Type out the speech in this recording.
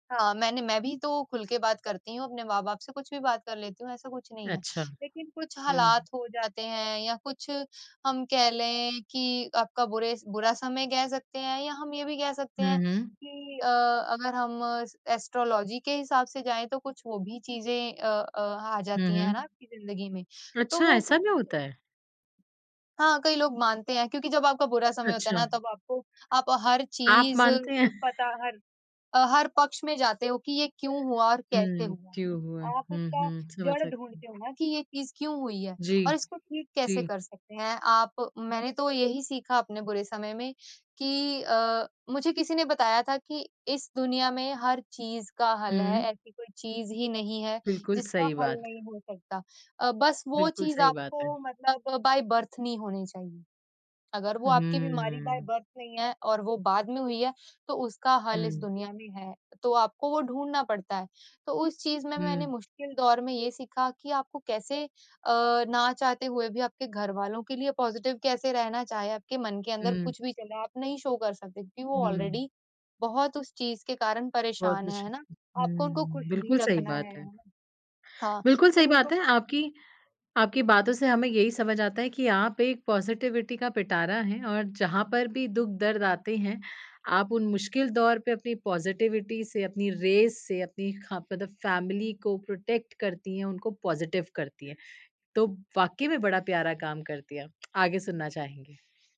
हाँ, मैंने मैं भी तो खुल के बात करती हूँ, अपने माँ बाप से, कुछ भी बात कर लेती हूँ, ऐसा कुछ नहीं है, अच्छा। लेकिन कुछ हुँ। हालात हो जाते हैं या कुछ हम कह लें कि आपका बुरे बुरा समय कह सकते हैं या हम ये भी कह सकते हुँ, हैं हुँ। कि अ, अगर हम एस्ट्रोलॉज़ी के हिसाब से जाएँ, तो कुछ वो भी चीज़ें अ अ, आ हुँ, जाती हैं है ना हुँ। आपकी ज़िंदगी में तो अच्छा, वो ऐसा कुछ भी होता है? हाँ, कई लोग मानते हैं क्योंकि जब आपका बुरा समय होता है ना, अच्छा। तब आपको आप हर आप चीज़ अ, मानते हैं? पता हर हर पक्ष में जाते हो कि ये क्यों हुआ और कैसे हुँ, हुआ? क्यों हुआ? आप हुँ, उसका हुँ, समझ जड़ सकती हूँ। ढूँढते हो ना कि ये चीज़ क्यों हुई है? जी, और इसको ठीक कैसे जी। कर सकते हैं, आप मैंने तो यही सीखा अपने बुरे समय में कि अ, मुझे किसी ने बताया था कि इस दुनिया में हर चीज़ का हल है, हुँ। ऐसी कोई चीज़ ही नहीं है बिल्कुल, जिसका सही हल बात। नहीं हो सकता अ, बस वो बिल्कुल, चीज़ सही बात है। आपको मतलब बाइ बर्थ नहीं होनी चाहिए। अगर वो आपकी बीमारी बाइ हम्म। बर्थ नहीं है और वो बाद में हुई है, तो उसका हल इस हुँ। दुनिया में है। तो आपको वो ढूँढना पड़ता है, तो उस चीज़ में मैंने हुँ। मुश्किल दौर में ये सीखा कि आपको कैसे अ, ना चाहते हुए भी आपके घरवालों के लिए पॉज़िटिव कैसे रहना, चाहे आपके मन के अंदर हुँ। कुछ भी चल रहा है, आप नहीं शो कर सकते क्योंकि वो हुँ। ऑलरेडी बहुत उस चीज़ के कारण बहुत परेशान है, कुछ। है ना? आपको उनको खुश हुँ। भी बिल्कुल सही रखना है, बात है है। ना, हाँ बिल्कुल सही तो बात उनको है आपकी आपकी बातों से हमें यही समझ आता है कि आप एक पॉज़िटिविटी का पिटारा हैं और जहाँ पर भी दुख दर्द आते हैं, आप उन मुश्किल दौर पे अपनी पॉज़िटिविटी से, अपनी रेस से, अपनी खा मतलब फैमिली को प्रोटेक्ट करती हैं, उनको पॉज़िटिव करती हैं। तो वाक़ई में बड़ा प्यारा काम करती है आप, आगे सुनना चाहेंगे।